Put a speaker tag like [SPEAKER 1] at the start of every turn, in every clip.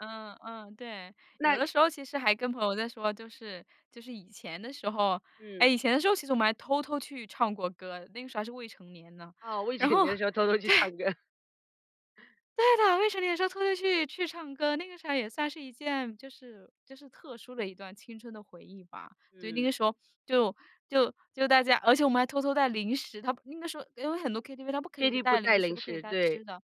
[SPEAKER 1] 嗯嗯，对，有
[SPEAKER 2] 那
[SPEAKER 1] 的时候其实还跟朋友在说，就是就是以前的时候
[SPEAKER 2] 嗯。
[SPEAKER 1] 诶，以前的时候，其实我们还偷偷去唱过歌，那个时候还是未成年呢，
[SPEAKER 2] 哦，我以前
[SPEAKER 1] 然后
[SPEAKER 2] 的时候偷偷去唱
[SPEAKER 1] 对。
[SPEAKER 2] 歌。
[SPEAKER 1] 对的，未成年的时候偷偷去去唱歌，那个时候也算是一件，就是就是特殊的一段的青春回忆吧。就那
[SPEAKER 2] 嗯。
[SPEAKER 1] 个时候就就就大家而且我们还偷偷带零食。它不那个时候，因为很多 KTV，它不可以
[SPEAKER 2] KT 不
[SPEAKER 1] 带
[SPEAKER 2] 带
[SPEAKER 1] 零食，
[SPEAKER 2] 零
[SPEAKER 1] 不可以
[SPEAKER 2] 食，
[SPEAKER 1] 带
[SPEAKER 2] 对。
[SPEAKER 1] 吃的。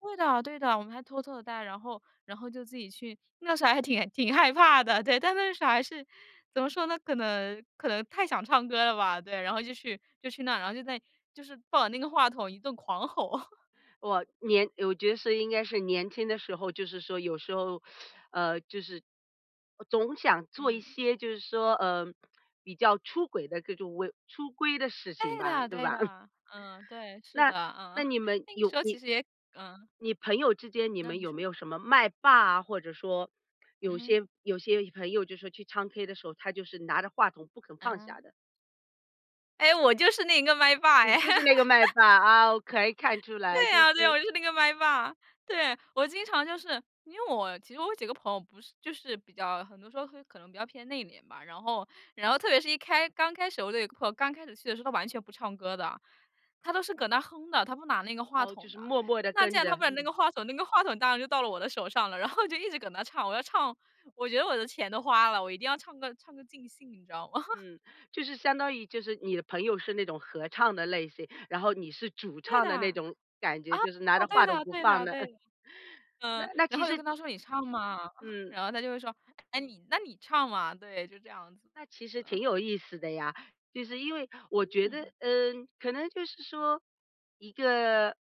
[SPEAKER 1] 对的对的，我们还偷偷地带，然后然后就自己去那时候还挺挺害怕的，对，但那时候还是，怎么说呢？可能可能太想唱歌了吧，对，然后就去就去那儿，然后在就是抱着那个话筒一顿狂吼。
[SPEAKER 2] 我年我觉得是应该是年轻的时候就是说有时候，呃，就是，呃，总想做一
[SPEAKER 1] 嗯。
[SPEAKER 2] 些就是说，嗯，比较出轨的这种为出规的事情
[SPEAKER 1] 对
[SPEAKER 2] 吧，
[SPEAKER 1] 的
[SPEAKER 2] 对
[SPEAKER 1] 对
[SPEAKER 2] 吧？
[SPEAKER 1] 的，嗯，对，是的，
[SPEAKER 2] 那
[SPEAKER 1] 嗯，
[SPEAKER 2] 那 你们
[SPEAKER 1] 那个时
[SPEAKER 2] 有
[SPEAKER 1] 候其
[SPEAKER 2] 你
[SPEAKER 1] 实也嗯。
[SPEAKER 2] 你朋友之间你
[SPEAKER 1] 那
[SPEAKER 2] 们
[SPEAKER 1] 你
[SPEAKER 2] 有没
[SPEAKER 1] 说。
[SPEAKER 2] 有什么麦霸啊，或者说有
[SPEAKER 1] 嗯。
[SPEAKER 2] 些有些朋友就是去唱 K 的时候，他就是拿着话筒不肯放
[SPEAKER 1] 啊。
[SPEAKER 2] 下的？
[SPEAKER 1] 哎，我就是那个麦霸
[SPEAKER 2] 你
[SPEAKER 1] 哎。
[SPEAKER 2] 就是那个麦 霸，啊，我可以看出来
[SPEAKER 1] 对
[SPEAKER 2] 就
[SPEAKER 1] 啊，对啊，我
[SPEAKER 2] 是
[SPEAKER 1] 就是那个麦霸，对。我经常就是因为我其实我有几个朋友不是就是比较很多时候会可能比较偏内敛吧，然后然后特别是一开刚开始的我的朋友刚开始去的时候，他完全不唱歌的，他都是搁那哼的，他不拿那个话
[SPEAKER 2] 哦，就
[SPEAKER 1] 筒
[SPEAKER 2] 是
[SPEAKER 1] 的。
[SPEAKER 2] 默默地
[SPEAKER 1] 那既
[SPEAKER 2] 跟
[SPEAKER 1] 然他
[SPEAKER 2] 着。
[SPEAKER 1] 不拿那个话筒，那个话筒当然就到了我的手上了，然后就一直跟着唱。我要唱，我觉得我的钱都花了，我一定要唱个唱个尽兴，你知道吗？
[SPEAKER 2] 嗯，就是相当于就是你的朋友是那种合唱的类型，然后你是主
[SPEAKER 1] 对
[SPEAKER 2] 唱
[SPEAKER 1] 的
[SPEAKER 2] 的那
[SPEAKER 1] 啊，
[SPEAKER 2] 种感觉，就是拿着
[SPEAKER 1] 对
[SPEAKER 2] 话筒
[SPEAKER 1] 的
[SPEAKER 2] 不
[SPEAKER 1] 对
[SPEAKER 2] 放
[SPEAKER 1] 的
[SPEAKER 2] 的。
[SPEAKER 1] 对 的。
[SPEAKER 2] 那
[SPEAKER 1] 嗯，
[SPEAKER 2] 那
[SPEAKER 1] 然
[SPEAKER 2] 其
[SPEAKER 1] 后又
[SPEAKER 2] 实
[SPEAKER 1] 跟他说你唱嘛，
[SPEAKER 2] 嗯。
[SPEAKER 1] 然后他就会说：“唉，你那你唱嘛。”对，就这样子
[SPEAKER 2] 那其
[SPEAKER 1] 子
[SPEAKER 2] 实挺
[SPEAKER 1] 啊。
[SPEAKER 2] 有意思的呀，就是因为我觉得
[SPEAKER 1] 嗯。
[SPEAKER 2] 呃，可能就是说，一个